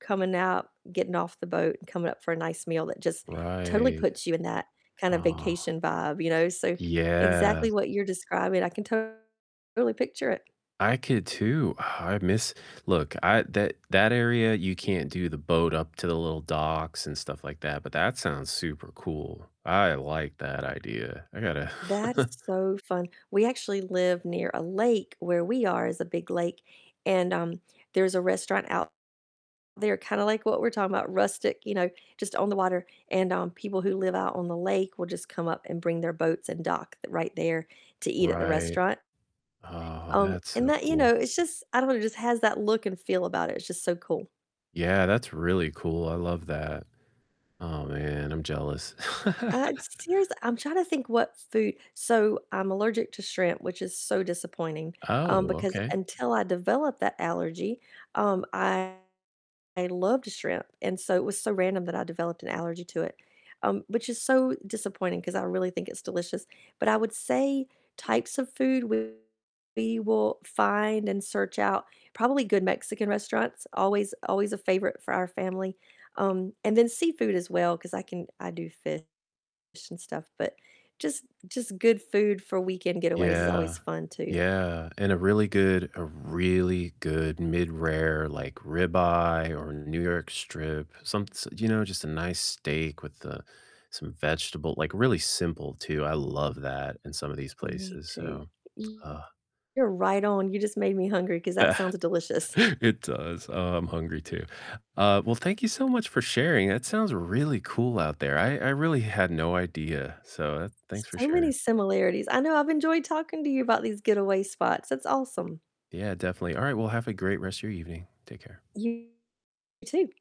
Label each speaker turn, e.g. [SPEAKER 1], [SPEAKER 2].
[SPEAKER 1] Coming out, getting off the boat, and coming up for a nice meal, that just totally
[SPEAKER 2] Right,
[SPEAKER 1] puts you in that kind of
[SPEAKER 2] oh.
[SPEAKER 1] vacation vibe, you know? So exactly
[SPEAKER 2] Yes.
[SPEAKER 1] what you're describing, I can totally picture it.
[SPEAKER 2] I could too, oh, I miss look, I that that area, you can't do the boat up to the little docks and stuff like that, but that sounds super cool, I like that idea. I gotta
[SPEAKER 1] That is so fun, we actually live near a lake where we are is a big lake, and, um, there's a restaurant out there, kinda like what we're talking about, rustic, you know, just on the water, and, um, people who live out on the lake will just come up and bring their boats and dock th right there to eat at the
[SPEAKER 2] Right,
[SPEAKER 1] restaurant.
[SPEAKER 2] oh,
[SPEAKER 1] Um,
[SPEAKER 2] that's
[SPEAKER 1] and
[SPEAKER 2] so
[SPEAKER 1] that, you know,
[SPEAKER 2] cool.
[SPEAKER 1] it's just I don't know, it just has that look and feel about it, it's just so cool.
[SPEAKER 2] Yeah, that's really cool, I love that, oh, man, I'm jealous.
[SPEAKER 1] Uh, it's serious I'm trying to think what food so I'm allergic to shrimp, which is so disappointing,
[SPEAKER 2] Oh,
[SPEAKER 1] um, because
[SPEAKER 2] okay.
[SPEAKER 1] until I developed that allergy, um, I I loved shrimp, and so it was so random that I developed an allergy to it, um, which is so disappointing, 'cause I really think it's delicious, but I would say types of food we will find and search out, probably good Mexican restaurants, always always a favorite for our family, um, and then seafood as well, 'cause I can I do fish and stuff, but just just good food for weekend getaways is
[SPEAKER 2] Yeah,
[SPEAKER 1] always fun too.
[SPEAKER 2] yeah, and a really good a really good mid-rare, like, ribeye or New York strip, some s you know, just a nice steak with, uh, some vegetable like, really simple too, I love that in some of these
[SPEAKER 1] Me
[SPEAKER 2] places,
[SPEAKER 1] too.
[SPEAKER 2] so,
[SPEAKER 1] [unintelligible]
[SPEAKER 2] uh
[SPEAKER 1] You're right on, you just made me hungry, 'cause that sounds delicious.
[SPEAKER 2] It does, oh, I'm hungry too, uh, well, thank you so much for sharing, that sounds really cool out there, I I really had no idea, so, uh, thanks for
[SPEAKER 1] So many
[SPEAKER 2] sharing.
[SPEAKER 1] similarities, I know, I've enjoyed talking to you about these getaway spots, that's awesome.
[SPEAKER 2] Yeah, definitely, all right, well, have a great rest of your evening, take care.
[SPEAKER 1] You too.